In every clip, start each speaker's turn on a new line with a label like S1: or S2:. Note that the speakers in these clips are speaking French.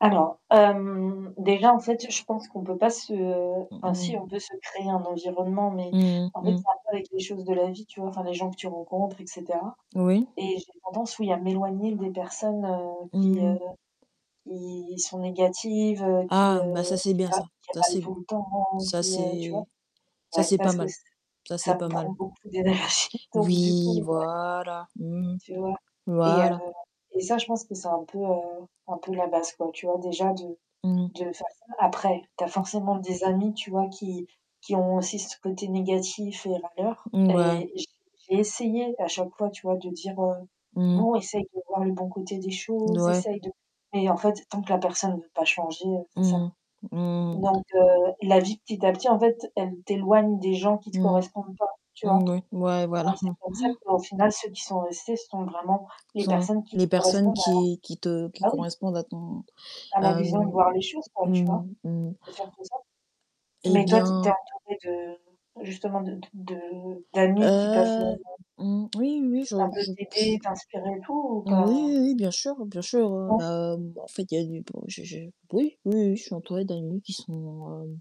S1: Alors, hem, déjà en fait je pense qu'on peut pas se, heu,
S2: Mmh
S1: enfin si
S2: mh.
S1: on peut se créer un environnement, mais
S2: Mmh
S1: en
S2: mh.
S1: fait
S2: Mmh.
S1: c'est un peu avec les choses de la vie tu vois? Enfin, les gens que tu rencontres et cetera,
S2: Oui.
S1: et j'ai tendance, oui, à m'éloigner des personnes, heu, qui, heu,
S2: Mmh.
S1: qui sont négatives, heu, qui,
S2: Ah, bah
S1: heu,
S2: ça c'est
S1: qui
S2: bien,
S1: râlent
S2: ça.
S1: qui
S2: Ça
S1: râlent
S2: c'est b
S1: tout le temps,
S2: ça
S1: qui, heu, tu vois?
S2: c'est ça
S1: Ouais,
S2: c'est pas
S1: parce que
S2: mal
S1: ç
S2: ça c'est
S1: ça me
S2: pas
S1: prend
S2: mal.
S1: beaucoup d'énergie, donc du coup,
S2: Oui,
S1: ouais.
S2: voilà. Mmh mh,
S1: Tu vois? Et heu,
S2: voilà.
S1: et ça je pense que c'est un peu, heu, un peu la base, quoi, tu vois, déjà de
S2: Mmh mh.
S1: de faire ça. Après tu as
S2: Mmh.
S1: forcément des amis tu vois, qui qui ont aussi ce côté négatif et râleur,
S2: Mouais.
S1: et j j'ai essayé à chaque fois, tu vois, de dire, heu:
S2: Mmh mh.
S1: «Bon essaye de voir le bon côté des
S2: D
S1: choses,
S2: ouais.
S1: essaye de», mais en fait, tant que la personne veut pas changer, heu c'est ça.
S2: Mmh mh. Mmh.
S1: Donc, heu, la vie petit à petit en fait, elle t'éloigne des gens qui te
S2: Mmh.
S1: correspondent pas, tu
S2: Mmh,
S1: vois?
S2: oui. Ouais,
S1: Donc,
S2: voilà,
S1: c'est
S2: mmh.
S1: comme ça qu'au final, ceux qui sont restés, ce sont vraiment les
S2: Sont
S1: personnes qui
S2: les personnes
S1: correspondent à
S2: qui qui te qui
S1: ah oui!
S2: correspondent à ton,
S1: à la vision de
S2: hem,
S1: voir les choses, quoi, tu
S2: mmh
S1: vois?
S2: mh, mmh mh
S1: C'est surtout ça.
S2: Eh
S1: Mais toi tu es tu es
S2: bien
S1: entourée de justement, de de de d'amis qui peuvent,
S2: Heu,
S1: heu
S2: mmh, oui, oui, oui. Je
S1: ça peut
S2: je oui,
S1: t'aider, t'inspirer et tout ou pas?
S2: oui, oui, bien sûr bien sûr, heu,
S1: Ouais.
S2: bah en fait, il y a du bon, j'ai j'ai oui, oui, oui, je suis entourée d'amis qui sont, hem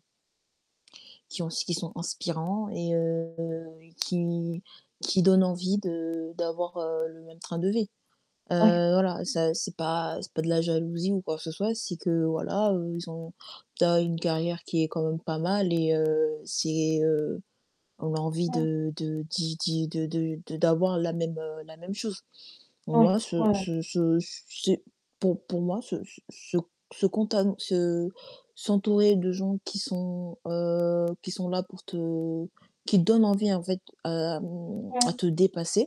S2: qui ont s qui sont inspirants et heu, qui qui donnent envie de d'avoir, heu, le même train de vie.
S1: Ouais.
S2: Heu, voilà, ça c'est pas c'est pas de la jalousie ou quoi que ce soit, c'est que, voilà, heu, ils ont tu as une carrière qui est quand même pas mal et heu, c'est heu, on a envie
S1: Mmh.
S2: de de d'y d'y de de de d'avoir la même, heu, la même chose.
S1: Oui.
S2: Moi ce
S1: Ouais, ouais.
S2: ce ce c c'est, pour pour moi se se se c se contam se s'entourer de gens qui sont, heu, qui sont là pour te qui donnent envie en fait à, mmh, à
S1: Ouais.
S2: te dépasser.